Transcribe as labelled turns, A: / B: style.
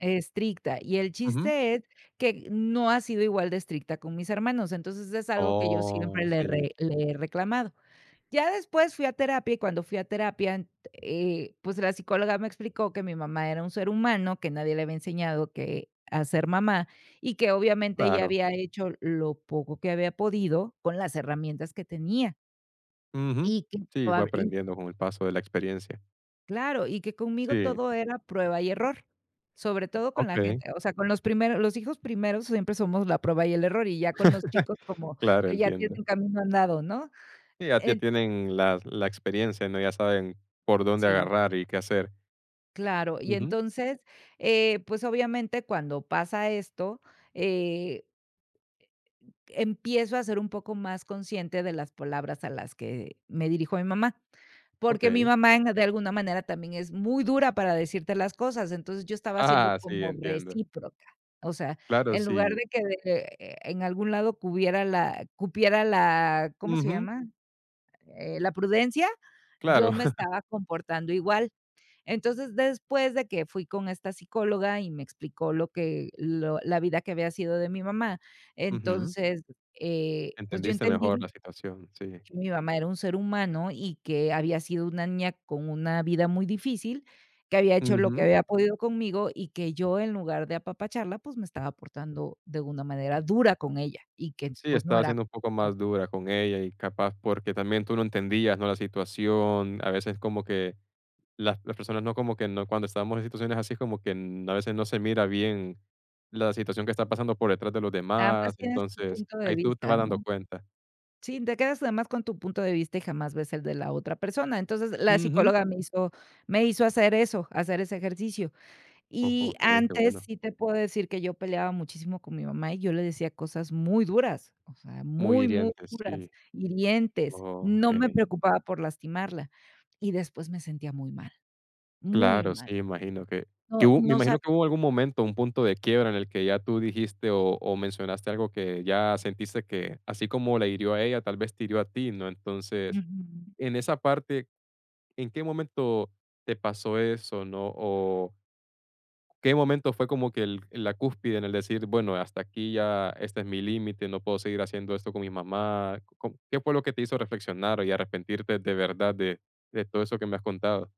A: Estricta, y el
B: Ujú.
A: chiste es que no ha sido igual de estricta con mis hermanos, entonces, es algo que yo
B: Oh,
A: siempre le he
B: sí.
A: re le he reclamado. Ya después fui a terapia, y cuando fui a terapia, ent eh, pues, la psicóloga me explicó que mi mamá era un ser humano, que nadie le había enseñado que a ser mamá, y que, obviamente, ella
B: Claro.
A: había hecho lo poco que había podido con las herramientas que tenía.
B: Ujú,
A: Y que
B: sí, fue
A: probable y
B: aprendiendo con el paso de la experiencia.
A: Claro, y que conmigo
B: Sí.
A: todo era prueba y error, sobre todo con la
B: Okey.
A: gente, o sea, con los primeros los hijos primeros siempre somos la prueba y el error, y ya con los chicos como
B: Claro,
A: que ya
B: entiendo.
A: tienen camino andado, ¿no?
B: Sí, ya ya
A: Ent
B: tienen las la experiencia, ¿no?, ya saben por dónde
A: Sí.
B: agarrar y qué hacer.
A: Claro, y
B: Ujú.
A: entonces, eh, pues, obviamente, cuando pasa esto, eh, empiezo a ser un poco más consciente de las palabras a las que me dirijo a mi mamá, porque mi
B: Okey.
A: mamá en de alguna manera, también es muy dura para decirte las cosas, entonces, yo estaba siendo
B: ¡Ah!, sí,
A: como
B: entiendo.
A: recíproca, o sea,
B: Claro,
A: en lugar
B: si
A: de que de de eh, en algún lado cupiera la cupiera la ¿cómo se
B: Ujú.
A: llama?, eh, la prudencia,
B: Claro.
A: yo me estaba comportando igual. Entonces, después de que fui con esta psicóloga y me explicó lo que lo la vida que había sido de mi mamá,
B: Ujú.
A: entonces, eh, pues yo
B: Entendiste mejor
A: entendí
B: la situación, sí.
A: que mi mamá era un ser humano, y que había sido una niña con una vida muy difícil, que había hecho lo que
B: Ujú.
A: había podido conmigo, y que yo, en lugar de apapacharla, pues, me estaba portando de una manera dura con ella, y que,
B: Sí,
A: pues, no
B: estaba
A: era
B: siendo un poco
A: [unintelligible]
B: más dura con ella, y capaz porque también tú no entendías, ¿no?, la situación, a veces como que las las personas no como que no cuando estábamos en situaciones así, como que, mm, a veces no se mira bien la situación que está pasando por detrás de los
A: Nada más
B: demás,
A: tienes tu
B: entonces,
A: punto de
B: ahí tú te
A: vista,
B: vas dando
A: ¿no?
B: cuenta.
A: Sí, te quedas además con tu punto de vista, y jamás ves el de la otra persona. Entonces, la
B: Ujú.
A: psicóloga me hizo me hizo hacer eso, hacer ese ejercicio.
B: O
A: Y
B: okey, qué
A: antes
B: bueno.
A: sí te puedo decir que yo peleaba muchísimo con mi mamá, y yo le decía cosas muy duras, o sea,
B: Muy
A: muy, muy
B: hiriente,
A: duras,
B: sí.
A: hirientes. No me
B: Okey.
A: preocupaba por lastimarla, y después me sentía muy mal, muy
B: Claro,
A: mal.
B: sí, imagino que
A: No,
B: que hub me
A: no
B: imagino
A: sab
B: que hubo algún momento, un punto de quiebra en el que ya tú dijiste o o mencionaste algo que ya sentiste que, así como la hirió a ella, tal vez te hirió a ti, ¿no? Entonces,
A: Ujú.
B: en esa parte, ¿en qué momento te pasó eso?, ¿no?, o, ¿qué momento fue como que el la cúspide en el decir: "Bueno, hasta aquí, ya este es mi límite, no puedo seguir haciendo esto con mi mamá?", co com ¿qué fue lo que te hizo reflexionar, y arrepentirte de verdad, de de todo eso que me has contado?